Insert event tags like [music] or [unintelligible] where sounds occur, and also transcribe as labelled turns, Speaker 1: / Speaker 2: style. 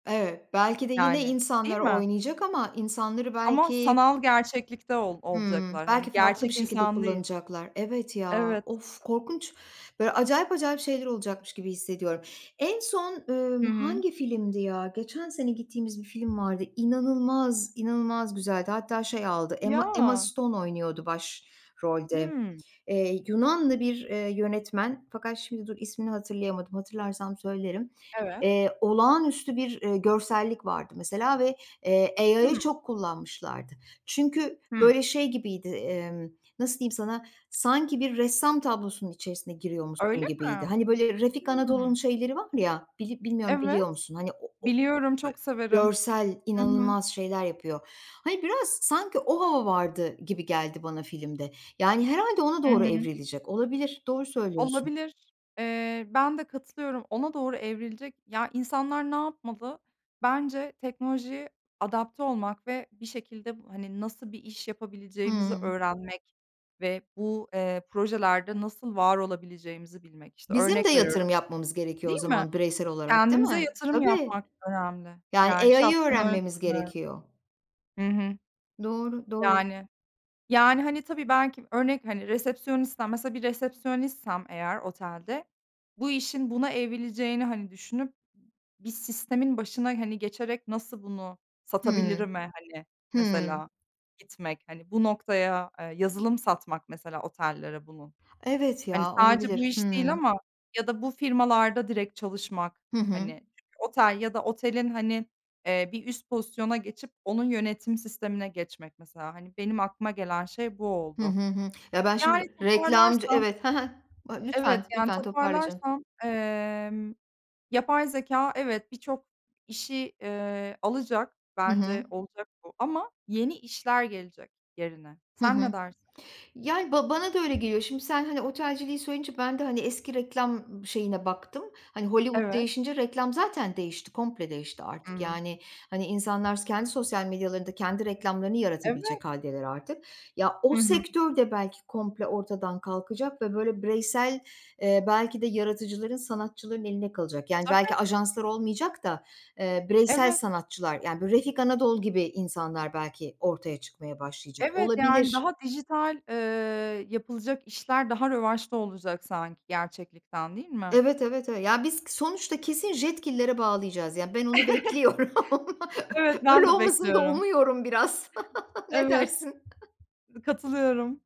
Speaker 1: Evet, belki de yine
Speaker 2: Yani, değil
Speaker 1: insanları
Speaker 2: mi?
Speaker 1: oynayacak ama insanları
Speaker 2: Ama
Speaker 1: belki
Speaker 2: sanal gerçeklikte ol
Speaker 1: Hımm,
Speaker 2: olacaklar. Hani,
Speaker 1: belki farklı bir
Speaker 2: gerçek
Speaker 1: şekilde
Speaker 2: insan değil.
Speaker 1: kullanacaklar. Evet ya,
Speaker 2: Evet.
Speaker 1: of korkunç. Böyle, acayip acayip şeyler olacakmış gibi hissediyorum. En son,
Speaker 2: Hı
Speaker 1: ımm,
Speaker 2: hı.
Speaker 1: hangi filmdi, ya? Geçen sene gittiğimiz bir film vardı, inanılmaz, inanılmaz güzeldi. Hatta şey aldı, Emma Emma
Speaker 2: Ya.
Speaker 1: Stone oynuyordu başrolde.
Speaker 2: Hıı.
Speaker 1: Eee, Yunanlı bir, eee, yönetmen fakat şimdi dur, ismini hatırlayamadım, hatırlarsam söylerim.
Speaker 2: Evet.
Speaker 1: Eee, olağanüstü bir, eee, görsellik vardı mesela ve, eee, AI'ı
Speaker 2: Hıı.
Speaker 1: çok kullanmışlardı. Çünkü
Speaker 2: Hıı.
Speaker 1: böyle, şey gibiydi, emm, nasıl diyeyim sana, sanki bir ressam tablosunun içerisine giriyormuşsun
Speaker 2: Öyle
Speaker 1: gibiydi.
Speaker 2: mi?
Speaker 1: Hani, böyle, Refik Anadol'un
Speaker 2: Hıı.
Speaker 1: şeyleri var ya, bili bilmiyorum, biliyor
Speaker 2: Evet,
Speaker 1: musun? Hani,
Speaker 2: biliyorum, çok
Speaker 1: [unintelligible]
Speaker 2: severim.
Speaker 1: görsel
Speaker 2: Hı hı.
Speaker 1: inanılmaz şeyler yapıyor. Hani, biraz sanki o hava vardı gibi geldi bana filmde. Yani, herhâlde ona
Speaker 2: Hı
Speaker 1: doğru
Speaker 2: hı.
Speaker 1: evrilecek. Olabilir, doğru söylüyorsun.
Speaker 2: Olabilir. Eee, ben de katılıyorum. Ona doğru evrilecek. Ya, insanlar ne yapmalı? Bence teknolojiye adapte olmak ve bir şekilde bu, hani, nasıl bir iş yapabileceğimizi
Speaker 1: Hıı.
Speaker 2: öğrenmek ve bu, eee, projelerde nasıl var olabileceğimizi bilmek işte
Speaker 1: Bizim de
Speaker 2: örnek veriyorum.
Speaker 1: yatırım yapmamız gerekiyor o
Speaker 2: Değil mi?
Speaker 1: zaman bireysel olarak değil
Speaker 2: Kendimize
Speaker 1: mi?
Speaker 2: yatırım
Speaker 1: Tabii
Speaker 2: yapmak önemli.
Speaker 1: yani
Speaker 2: Yani,
Speaker 1: AI'ı
Speaker 2: şahsen öyle
Speaker 1: öğrenmemiz
Speaker 2: düşünüyorum.
Speaker 1: gerekiyor.
Speaker 2: Hı hı.
Speaker 1: Doğru, doğru.
Speaker 2: Yani, yani, hani, tabii belki örnek, hani resepsiyonistsem, mesela bir resepsiyonistsem eğer otelde, bu işin buna evrileceğini, hani, düşünüp bir m sistemin başına, hani, geçerek nasıl bunu
Speaker 1: Hıı.
Speaker 2: satabilirim'e, hani,
Speaker 1: Hıı.
Speaker 2: mesela gitmek. Hani, bu noktaya, eee, yazılım satmak mesela otellere bunu.
Speaker 1: Evet
Speaker 2: Hani,
Speaker 1: ya,
Speaker 2: sadece bu
Speaker 1: olabilir.
Speaker 2: iş değil
Speaker 1: Hıı.
Speaker 2: ama ya da bu firmalarda direkt çalışmak,
Speaker 1: Hı hı.
Speaker 2: hani, otel ya da otelin, hani, eee, bir üst pozisyona geçip onun yönetim sistemine geçmek mesela. Hani, benim aklıma gelen şey bu
Speaker 1: Hı
Speaker 2: oldu.
Speaker 1: hı, hı. Ya ben,
Speaker 2: Yani
Speaker 1: şimdi, reklamcı
Speaker 2: toparlarsam
Speaker 1: evet, hı hı a, lütfen,
Speaker 2: Evet, yani
Speaker 1: lütfen toparla canım.
Speaker 2: toparlarsam, emm, yapay zekâ evet birçok işi, eee, alacak
Speaker 1: Hı
Speaker 2: bence
Speaker 1: hı.
Speaker 2: olacak bu ama yeni işler gelecek yerine.
Speaker 1: Hı
Speaker 2: Sen ne
Speaker 1: hı.
Speaker 2: dersin?
Speaker 1: Yani, ba bana da öyle geliyor. Şimdi sen, hani, otelciliği söyleyince ben de, hani, eski reklam şeyine baktım. Hani, Hollywood
Speaker 2: Evet.
Speaker 1: değişince reklam zaten değişti, komple değişti
Speaker 2: Hı
Speaker 1: artık.
Speaker 2: hı.
Speaker 1: Yani, hani, insanlar kendi sosyal medyalarında kendi reklamlarını
Speaker 2: Evet.
Speaker 1: yaratabilecek hâldeler artık. Ya o
Speaker 2: Hı hı.
Speaker 1: sektör de belki komple ortadan kalkacak ve, böyle, bireysel, eee, belki de, yaratıcıların, sanatçıların eline kalacak. Yani, belki,
Speaker 2: Tabii.
Speaker 1: ajanslar olmayacak da, eee, bireysel
Speaker 2: Evet.
Speaker 1: sanatçılar, yani, bu Refik Anadol gibi insanlar belki ortaya çıkmaya başlayacak.
Speaker 2: Evet, yani
Speaker 1: Olabilir.
Speaker 2: daha dijital, ııı, yapılacak işler daha revaçta olacak sanki gerçeklikten değil mi?
Speaker 1: Evet, evet, evet. Ya, biz sonuçta kesin Jetgiller'e bağlayacağız, yani, ben onu bekliyorum.
Speaker 2: [chuckles] Evet
Speaker 1: Öyle
Speaker 2: ben de
Speaker 1: olmasını da
Speaker 2: bekliyorum.
Speaker 1: umuyorum biraz. Ne
Speaker 2: Evet.
Speaker 1: dersin?
Speaker 2: Katılıyorum.